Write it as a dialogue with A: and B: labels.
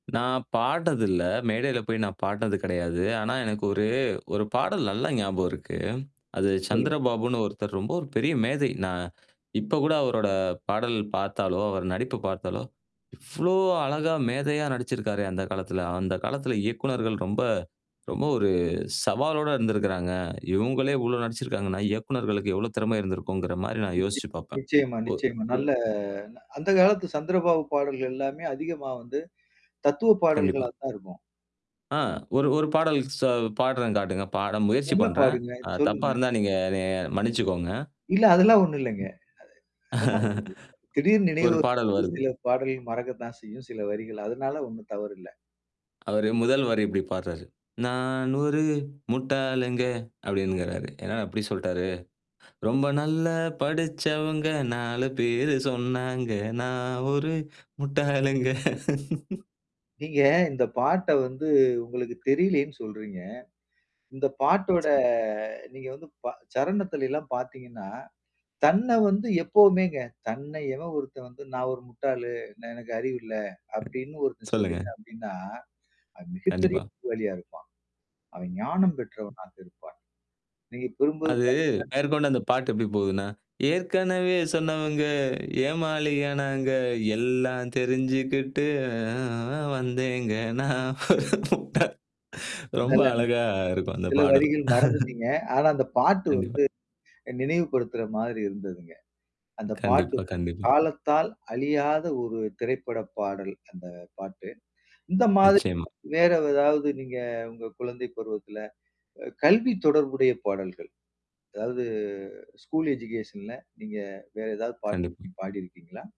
A: நான் பாட்னது இல்ல. மேடையில போய் நான் பாட்டுனது கெடையாது. ஆனா, எனக்கு ஒரு ஒரு பாடல் நல்லா ஞாபகம் இருக்கு. அது
B: சொல்லுங்க.
A: சந்திரபாபுன்னு ஒருத்தர் ரொம்ப ஒரு பெரிய மேதை. நான் இப்ப கூட அவரோட பாடல் பாத்தாலோ, அவர் நடிப்பு பாத்தாலோ! இவ்ளோ அழகா மேதையா நடிச்சிருக்காரே! அந்த காலத்துல. அந்த காலத்துல இயக்குனர்கள் ரொம்ப ரொம்ப ஒரு சவாலோட இருந்திருக்கிறாங்க. இவுங்களே இவ்ளோ நடிச்சிருக்காங்கன்னா, இயக்குனர்களுக்கு எவ்ளோ திறமை இருந்திருக்குங்கிறமாரி நான்
B: நிச்ச
A: யோசிச்சு பாப்பேன்.
B: நிச்சயமா,
A: ஓ
B: நிச்சயமா. நல்ல அந்த காலத்து சந்திரபாபு பாடல்கள் எல்லாமே அதிகமா வந்து தத்துவ பாடல்களா
A: கண்டிப்பா.
B: தான் இருக்கும்.
A: ஆ ஒரு ஒரு பாடல் ச பாடுறேன் காட்டுங்க. பாட முயற்சி
B: நல்லா
A: பண்றேன்.
B: பாடுங்க
A: அ தப்பா
B: சொல்லுங்க?
A: இருந்தா, நீங்க என்னைய மன்னிச்சுக்கோங்க.
B: இல்ல, அதெல்லாம் ஒண்ணும் இல்லேங்க. அ அதெல்லாம் ஒண்ணும் இல்ல. திடீர்
A: ஒரு
B: நினைவு.
A: பாடல்
B: அது
A: வருது.
B: சில பாடல் மறக்கத்தான் செய்யும். சில வரிகள், அதனால ஒண்ணும் தவறு இல்ல.
A: அவரு முதல் வரி இப்பிடி பாடுறாரு. நானொரு முட்டாளுங்க அப்பிடின்கிறாரு. என்னா இப்பிடி சொல்ட்டாரு? ரொம்ப நல்ல படிச்சவங்க, 4 பேரு சொன்னாங்க நான் ஒரு முட்டாளுங்க.
B: நீங்க இந்த பாட்ட வந்து உங்களுக்கு தெரியலைன்னு சொல்றீங்க. இந்த பாட்டோட நீங்க வந்து ப சரணத்தில எல்லாம் பாத்தீங்கன்னா, தன்ன வந்து எப்போவுமேங்க. தன்னை எவன் ஒருத்தன் வந்து நான் ஒரு முட்டாளு! நான் எனக்கு அறிவு இல்ல! அப்பிடின்னு ஒருத்தன்
A: சொல்லுங்க.
B: சொல்லிட்டான் அப்பிடின்னா, அ மிகப்பெரிய
A: கண்டிப்பா.
B: புத்திசாலியா இருப்பான். அவன் ஞானம் பெற்றவனாக இருப்பான். நீங்க கூறும்போது
A: அது
B: பாத்தீங்கன்னா
A: மேற்கொண்டு அந்த பாட்டு எப்பிடி போகுதுன்னா? ஏற்கனவே சொன்னவுங்க ஏமாளி ஆனாங்க, எல்லாம் தெரிஞ்சுக்கிட்டு அ, ஆ வந்தேங்க நான் ஒரு முட்டாள் ரொம்ப
B: நல்ல, நல்ல
A: அழகா இருக்கும் அந்த
B: சில
A: பாடல்.
B: வரிகள் மறந்துட்டீங்க. ஆனா அந்த பாட்டு
A: கண்டிப்பா.
B: வந்து, நினைவு படுத்துற மாதிரி இருந்ததுங்க. அந்த பாட்டு
A: கண்டிப்பா, கண்டிப்பா.
B: காலத்தால் அழியாத ஒரு திரைப்பட பாடல், அந்த பாட்டு. இந்த மாதிரி
A: நிச்சயமா.
B: வேற ஏதாவது நீங்க உங்க குழந்தை பருவத்தில, அ கல்வி தொடர்புடைய பாடல்கள், அதாவது ஸ்கூல் எஜுகேஷன்ல நீங்க வேற ஏதாவது பாட்டு
A: கண்டிப்பா.
B: நீங்க பாடிருக்கீங்களா?